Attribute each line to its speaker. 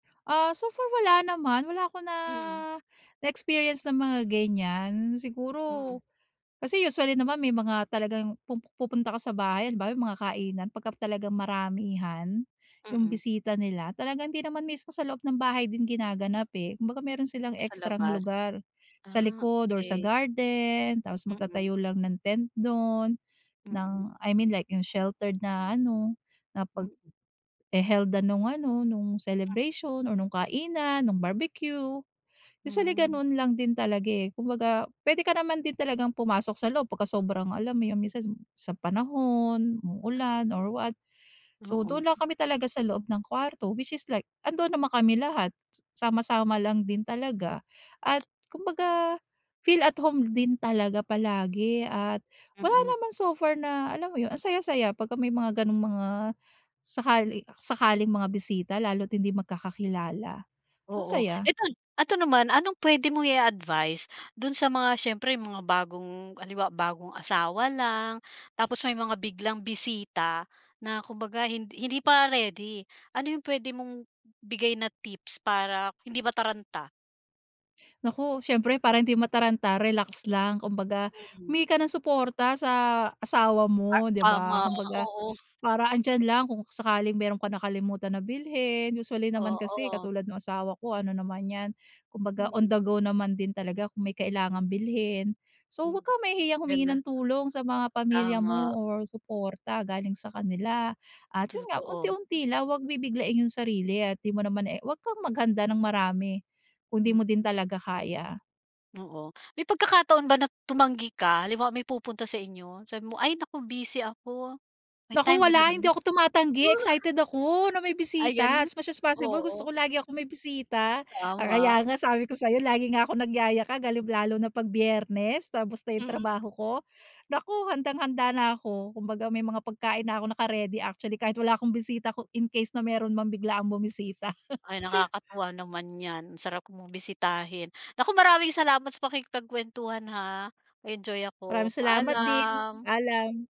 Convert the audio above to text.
Speaker 1: Ah, so far wala naman, wala akong na
Speaker 2: Mm.
Speaker 1: na-experience na mga gan'yan. Siguro
Speaker 2: Hmm.
Speaker 1: kasi usually naman may mga talagang pumu pupunta ka sa bahay halimbawa yung mga kainan pagka talagang maramihan. Yung
Speaker 2: Mm.
Speaker 1: bisita nila, talagang hindi naman mismo sa loob ng bahay din ginaganap, eh. Kumbaga meron silang
Speaker 2: Sa
Speaker 1: ekstrang
Speaker 2: labas.
Speaker 1: lugar sa
Speaker 2: Ah,
Speaker 1: likod or sa
Speaker 2: key.
Speaker 1: garden. Tapos
Speaker 2: Mm.
Speaker 1: magtatayo lang ng tent do'n ng
Speaker 2: Mm.
Speaker 1: I mean like yung sheltered na ano na
Speaker 2: Mm.
Speaker 1: paghe-held-an nung ano nung
Speaker 2: Mm.
Speaker 1: celebration or nung kainan, nung barbecue. Usually
Speaker 2: Hmm.
Speaker 1: ganun lang din talaga, eh, kumbaga puwede ka naman din talagang pumasok sa loob pagka sobrang alam mo yung minsan sa panahon uulan or what.
Speaker 2: Dayo.
Speaker 1: So,
Speaker 2: Oo.
Speaker 1: dun lang kami talaga sa loob ng kwarto which is like andoon naman kami lahat sama,
Speaker 2: Mm.
Speaker 1: sama lang din talaga at kumbaga feel at home din talaga palagi. At wala
Speaker 2: Mm.
Speaker 1: naman so far na alam mo yun? Ang saya, saya pagka may mga
Speaker 2: Hmm.
Speaker 1: gano'ng mga sakali sakaling mga bisita lalo't hindi magkakakilala, ang
Speaker 2: Oo.
Speaker 1: saya.
Speaker 2: Eto eto naman anong puwede mong i-advice dun sa mga siyempre mga bagong halimbawa bagong asawa lang tapos may mga biglang bisita na kumbaga hind hindi pa ready. Ano yung puwede mong ibigay na tips para hindi mataranta?
Speaker 1: Naku siyempre parang hindi mataranta relax lang. Kumbaga
Speaker 2: Mm.
Speaker 1: humingi ka ng suporta sa asawa
Speaker 2: Ah,
Speaker 1: mo di ba?
Speaker 2: tama
Speaker 1: Kumbaga
Speaker 2: oo.
Speaker 1: para andiyan lang kung sakaling meron ka nakalimutan na bilhin usually naman kasi
Speaker 2: Oo.
Speaker 1: katulad nung asawa ko ano naman 'yan. Kumbaga on
Speaker 2: Mm.
Speaker 1: the go naman din talaga kung may
Speaker 2: M
Speaker 1: kailangang bilhin. So,
Speaker 2: Hmm.
Speaker 1: 'wag kang mahihiyang humingi
Speaker 2: Gano'n.
Speaker 1: ng tulong sa mga pamilya
Speaker 2: Tama.
Speaker 1: mo or suporta galing sa kanila at yun nga
Speaker 2: Totoo.
Speaker 1: unti-unti lang 'wag bibiglain yung sarili at di mo naman, eh 'wag kang maghanda ng marami kung di
Speaker 2: Hmm.
Speaker 1: mo din talaga kaya.
Speaker 2: Oo. May pagkakataon ba na tumanggi ka halimbawa may pupunta sa inyo. Sabi mo, "Ay naku busy ako," may
Speaker 1: Naku,
Speaker 2: time ba na
Speaker 1: wala. Hindi
Speaker 2: gano'n?
Speaker 1: ako tumatanggi excited ako na may
Speaker 2: Ay
Speaker 1: bisita.
Speaker 2: gano'n,
Speaker 1: As much as possible gusto ko
Speaker 2: oo.
Speaker 1: lagi akong may bisita.
Speaker 2: Tama.
Speaker 1: Kaya nga sabi ko sayo lagi nga akong nagyayakag halim lalo na pag Biyernes. Tapos na yung
Speaker 2: Hmm.
Speaker 1: trabaho ko. Naku handang-handa na ako kumbaga may mga pagkain na ako naka-ready, actually kahit wala akong bisita ko in-case na meron mang biglaang bumisita.
Speaker 2: Ay, nakakatuwa naman 'yan. Ang sarap mong bisitahin, naku maraming salamat sa pakikipagkwentuhan ha, enjoy ako
Speaker 1: Maraming salamat din,
Speaker 2: paalam.
Speaker 1: paalam.